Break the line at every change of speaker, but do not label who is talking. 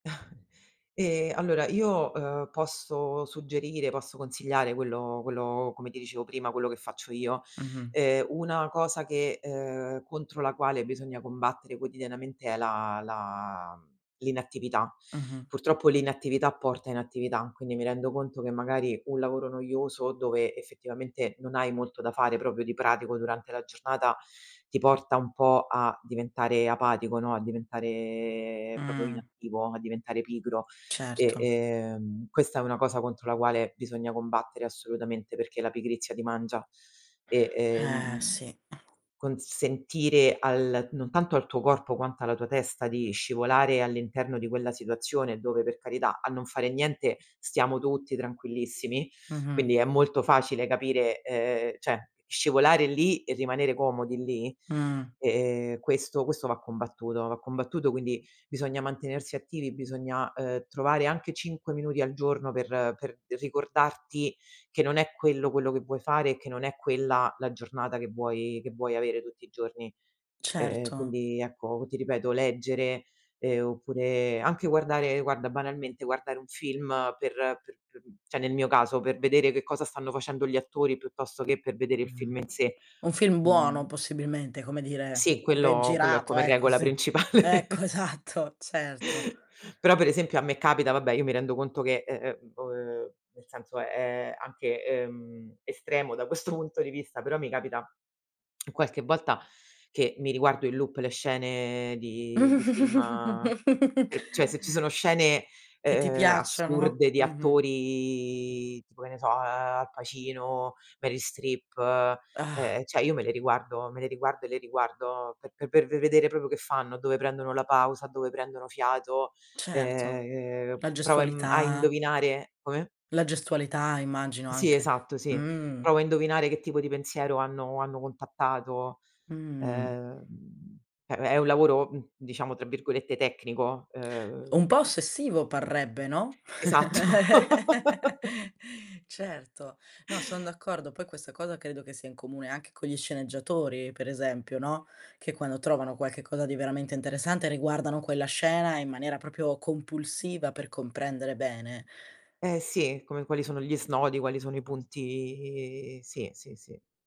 Ehm, allora io, ehm, posso suggerire, posso consigliare quello quello, come ti dicevo prima, quello che faccio io.
Mh-mh.
Ehm, una cosa che, ehm, contro la quale bisogna combattere quotidianamente è la la mhmm, l'inattività.
Mh-mh.
Purtroppo l'inattività porta inattività, quindi mi rendo conto che magari un lavoro noioso, dove effettivamente non hai molto da fare proprio di pratico durante la giornata, ti porta un po' a diventare apatico, no, a diventare proprio
Mh.
inattivo, a diventare pigro. E,
Certo.
ehm, questa è una cosa contro la quale bisogna combattere assolutamente, perché la pigrizia ti mangia e,
Eh
ehm,
sì.
consentire al non tanto al tuo corpo, quanto alla tua testa, di scivolare all'interno di quella situazione dove per carità, a non fare niente stiamo tutti tranquillissimi,
Mh-mh.
quindi è molto facile capire, ehm, cioè, scivolare lì e rimanere comodi lì.
Mh.
E, ehm, questo questo va combattuto, va combattuto quindi bisogna mantenersi attivi, bisogna, ehm, trovare anche 5 minuti al giorno per per ricordarti che non è quello quello che vuoi fare e che non è quella la giornata che vuoi che vuoi avere tutti i giorni. Eh
Certo.
quindi ecco, ti ripeto leggere, ehm, oppure anche guardare guarda banalmente, guardare un film per per p cioè nel mio caso per vedere che cosa stanno facendo gli attori piuttosto che per vedere il
Mh.
film in sé
Un film buono
[unintelligible]
possibilmente, come dire,
Sì,
ben
quello quello è
girato.
come
Ecco,
regola
sì.
principale.
Ecco, esatto, certo.
Però per esempio a me capita, vabbè, io mi rendo conto che, eh, ehm, uhm, nel senso è anche, ehm, estremo da questo punto di vista, però mi capita qualche volta che mi riguardo in loop le scene di di film, per cioè se ci sono scene,
Che ti
ehm,
piacciono.
assurde di
Mh-mh.
attori tipo, che ne so, ehm, Al Pacino, Meryl Streep, eh
Ah.
ehm, cioè io me le riguardo, me le riguardo e le riguardo pe per ve vedere proprio che fanno, dove prendono la pausa, dove prendono fiato,
Certo,
ehm,
la
provo a imm a
gestualità.
indovinare come?
La gestualità immagino
Sì,
anche.
esatto, sì.
Mh.
Provo a indovinare che tipo di pensiero hanno hanno contattato.
Mh.
Ehm, è è un lavoro, mhmm, diciamo, tra virgolette "tecnico", ehm
Un po' ossessivo parrebbe, no.
Esatto.
Certo. No, son d'accordo. Poi questa cosa credo che sia in comune anche con gli sceneggiatori, per esempio, no, che quando trovano qualche cosa di veramente interessante riguardano quella scena in maniera proprio compulsiva, per comprendere bene.
Eh sì, come quali sono gli snodi, quali sono i punti sì, sì, sì.